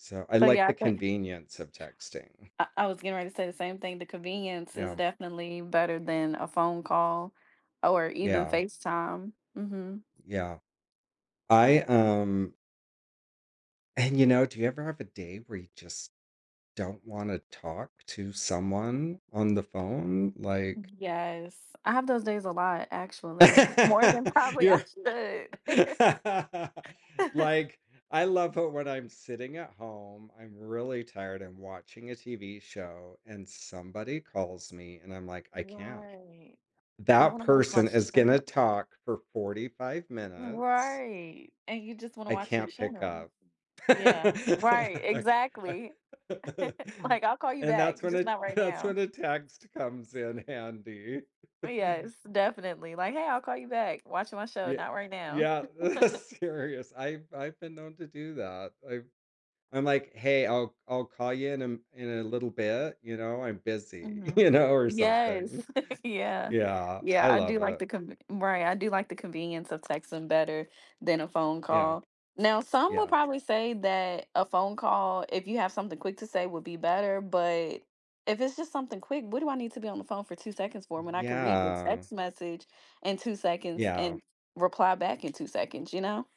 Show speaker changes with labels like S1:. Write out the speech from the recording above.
S1: So I
S2: So
S1: like
S2: yeah,
S1: the
S2: but
S1: convenience of texting.
S2: I I was getting ready to say the same thing, the convenience is
S1: Yeah.
S2: definitely better than a phone call or even
S1: Yeah.
S2: FaceTime. Mhm.
S1: Yeah. I um And you know, do you ever have a day where you just don't want to talk to someone on the phone, like
S2: Yes, I have those days a lot actually. More than probably I
S1: You're
S2: should.
S1: Like, I love it when I'm sitting at home, I'm really tired, I'm watching a TV show, and somebody calls me, and I'm, like, "I can't."
S2: Right, I
S1: That
S2: wanna watch my
S1: person is gonna
S2: show.
S1: talk for 45 minutes.
S2: Right, and you just wanna
S1: I
S2: watch your
S1: can't pick
S2: show.
S1: up.
S2: Yeah, right,
S1: I c I
S2: exactly. Like, "I'll call you
S1: And
S2: back,
S1: that's when
S2: just
S1: a
S2: not right
S1: that's
S2: now."
S1: when a text comes in handy
S2: Uh, yes, definitely, like, "Hey, I'll call you back, watching my show,
S1: Yeah,
S2: not right now."
S1: yeah, serious I've I've been known to do that, I've I'm like, "Hey, I'll I'll call you in a m in a little bit, you know, I'm busy,"
S2: Mhm.
S1: you know, or something.
S2: Yes! Yeah,
S1: Yeah,
S2: yeah,
S1: I
S2: I do
S1: love
S2: like the
S1: it.
S2: conv Right, I do like the convenience of texting better than a phone
S1: Yeah.
S2: call. Now, some will
S1: Yeah.
S2: probably say that a phone call, if you have something quick to say would be better, but if it's just something quick, what do I need to be on the phone for 2 seconds for when I can read your
S1: Yeah.
S2: text message in 2 seconds
S1: Yeah.
S2: and reply back in 2 seconds, you know?